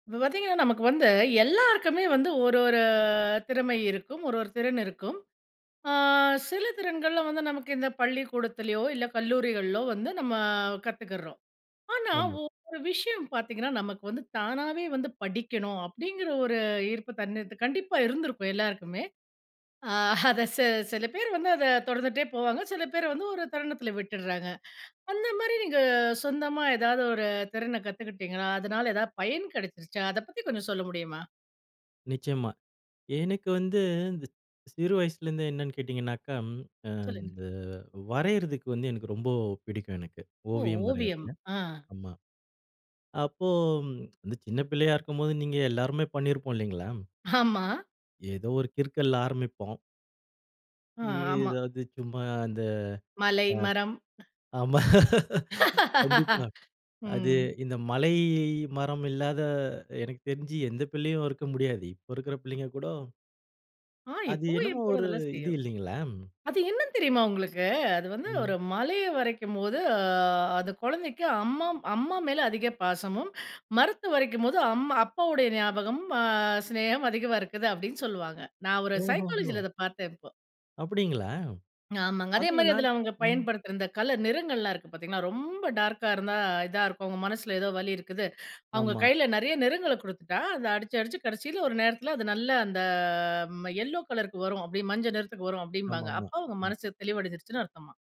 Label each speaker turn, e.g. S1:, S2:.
S1: இப்ப பாத்தீங்கன்னா நமக்கு வந்து எல்லாருக்குமே வந்து ஒரு ஒரு திறமை இருக்கும். ஒரு ஒரு திறன் இருக்கும். ஆ சில திறன்கள்ல வந்து நமக்கு இந்த பள்ளிக்கூடத்திலயோ! இல்ல கல்லூரிகள்லோ! வந்து நம்ம கத்துக்கிறோம். ஆனா,
S2: ஆமா.
S1: ஒவ்வொரு விஷயம் பாத்தீங்கன்னா, நமக்கு வந்து தானாவே வந்து, "படிக்கணும்" அப்பிடிங்கிற ஒரு ஈர்ப்பு தனக்கு கண்டிப்பா இருந்திருக்கும் எல்லாருக்குமே! ஆ அத சே சில பேரு வந்து அத தொடர்ந்துட்டே போவாங்க. சில பேர் வந்து ஒரு தருணத்தில விட்டுறாங்க. அந்தமாரி நீங்க சொந்தமா எதாவது ஒரு திறன கத்துக்கிட்டீங்களா? அதனால எதாவது பயன் கிடைச்சிருச்சா? அத பத்தி கொஞ்சம் சொல்ல முடியுமா?
S2: நிச்சயமா. எனக்கு வந்து இந்த சிறு வயசுலேருந்து என்னென்னு கேட்டிங்கனாக்கா, அ
S1: சொல்லுங்க.
S2: இந்த வரையறதுக்கு வந்து எனக்கு ரொம்ப பிடிக்கும் எனக்கு.
S1: ஓ!
S2: ஓவியம்
S1: ஓவியம்.
S2: வரையிறது,
S1: அ.
S2: ஆமா. அப்போ இந்த சின்ன பிள்ளையா இருக்கும்போது நீங்க எல்லாருமே பண்ணிருப்போம் இல்லைங்களா!
S1: ஆமா.
S2: ஏதோ ஒரு கிறுக்கல்ல ஆரம்பிப்போம்.
S1: அ,
S2: ஏ
S1: ஆமா.
S2: எதாவது சும்மா அந்த
S1: மலை, மரம்.
S2: அ ஆமா. கண்டிப்பா. அது
S1: ம்.
S2: இந்த மலை, மரம் இல்லாத எனக்கு தெரிஞ்சு எந்த பிள்ளையும் இருக்க முடியாது. இப்போ இருக்கிற பிள்ளைங்க கூட
S1: ஆ,
S2: அது
S1: இப்பவும்
S2: என்னமோ
S1: என் பொண்ணு
S2: ஒரு,
S1: அதெல்லாம்
S2: இது
S1: செய்யும்.
S2: இல்லைங்களா!
S1: அது என்னன்னு தெரியுமா உங்களுக்கு? அது வந்து ஒரு
S2: ம்.
S1: மலைய வரையும் போது, அ அந்த குழந்தைக்கு அம்மம் அம்மா மேல அதிக பாசமும், மரத்து வரையும் போது அம் அப்பாவுடைய ஞாபகம், அ சிநேகம் அதிகமா இருக்குது அப்பிடின்னு சொல்வாங்க. நான் ஒரு
S2: ஓஹோஹோ!
S1: சைக்காலஜில அத பாத்தேன், இப்போ.
S2: அப்பிடிங்களா!
S1: ஆமாங்க.
S2: அதுங்க
S1: அதேமாரி
S2: நான்
S1: அதில அவுங்க
S2: ம்.
S1: பயன்படுத்துற இந்த கலர், நிறங்கள்லாம் இருக்கு பாத்தீங்கன்னா, ரொம்ப டார்க்கா இருந்தா இதா இருக்கும், அவுங்க மனசுல ஏதோ வலி இருக்குது. அவுங்க
S2: ஆமா.
S1: கையில நிறையா நிறங்கள குடுத்துட்டா, அத அடிச்சு, அடிச்சு கடைசில ஒரு நேரத்துல அது நல்ல அந்த ம யெல்லோ கலருக்கு வரும், அப்பிடி மஞ்ச நிறத்துக்கு வரும்
S2: ஆமா,
S1: அப்பிடிம்பாங்க.
S2: ஆமா.
S1: அப்போ அவுங்க
S2: ம்.
S1: மனசு தெளிவடஞ்சிருச்சுன்னு அர்த்தமாம்.